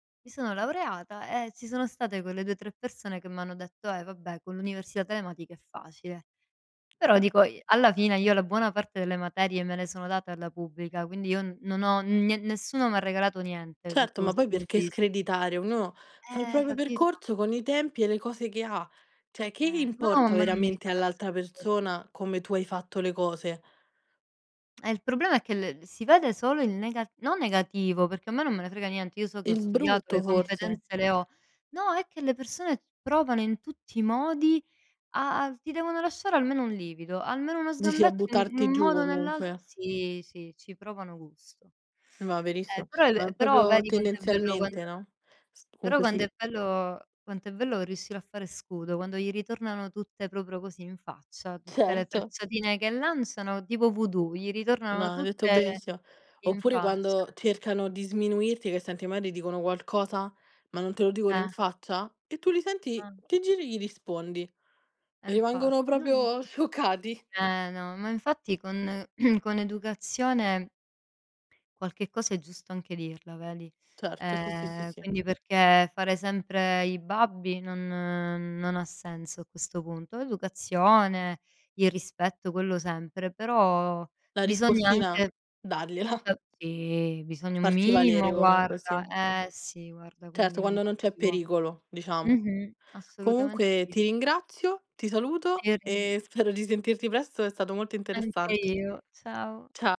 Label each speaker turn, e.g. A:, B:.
A: Mi sono laureata e ci sono state quelle 2, 3 persone che m'hanno detto: “Eh, vabbè, con l'università telematica è facile”. Però, dico, i alla fine, io la buona parte delle materie me le sono date alla pubblica, quindi, io n non ho nien nessuno m'ha regalato niente
B: Certo,
A: sotto
B: ma
A: questo
B: poi
A: pun
B: perché
A: vis
B: screditare? Uno fa il
A: Eh,
B: proprio
A: capito?
B: percorso con i tempi e le cose che ha. Cioè, che
A: Eh. Ma
B: importa
A: om non mi
B: veramente
A: interessa
B: all'altra
A: [unintelligible]
B: persona, come tu hai fatto le cose?
A: Eh, il problema è che l si vede solo il nega no, negativo, perché a me non me ne frega niente, io so che ho
B: Il
A: studiato,
B: brutto,
A: le
B: forse.
A: competenze le ho. No, è che le persone provano in tutti i modi a ti devono lasciare almeno un livido, almeno uno
B: Dici a
A: sgambetto in in
B: buttarti
A: un
B: giù
A: modo o nell'alt
B: comunque.
A: sì, sì, ci provano gusto.
B: Ma
A: Eh,
B: verissimo,
A: però,
B: ma
A: ehm, però
B: proprio
A: vedi quant'è bello quando
B: tendenzialmente, no?
A: però
B: Comunque
A: quando
B: sì.
A: è bello quanto è bello riuscire a fare scudo, quando gli ritornano tutte, proprio, così in faccia, tutte le
B: Certo.
A: frecciatine che lanciano, tipo vudù, gli ritornano
B: No, hai detto
A: tutte
B: benissimo.
A: in
B: Oppure
A: faccia.
B: quando cercano di sminuirti, che senti magari dicono qualcosa ma non te lo dicono in
A: Eh.
B: faccia e tu li senti,
A: Ah.
B: ti giri e gli rispondi.
A: Enfa
B: Rimangono proprio
A: [unintelligible]
B: scioccati.
A: eh, no, ma infatti, con con educazione qualche cosa è giusto anche dirla, veli?
B: Certo, sì, sì, sì,
A: Ehm,
B: sì.
A: quindi perché fare sempre i babbi non non ha senso a questo punto. Educazione, il rispetto, quello sempre, però
B: La
A: bisogna
B: rispostina,
A: anche
B: dargliela
A: u ehm, bisogna un
B: Farsi
A: minimo,
B: valere comunque, sì.
A: guarda eh, sì, guarda.
B: Certo,
A: Quindi un
B: quando non c'è
A: [unintelligible]
B: pericolo, diciamo.
A: mh-mh. Assolutamente
B: Comunque
A: sì.
B: ti ringrazio, ti saluto
A: [unintelligible]
B: e spero di sentirti presto, è stato molto
A: Anche
B: interessante.
A: io, ciao.
B: Cia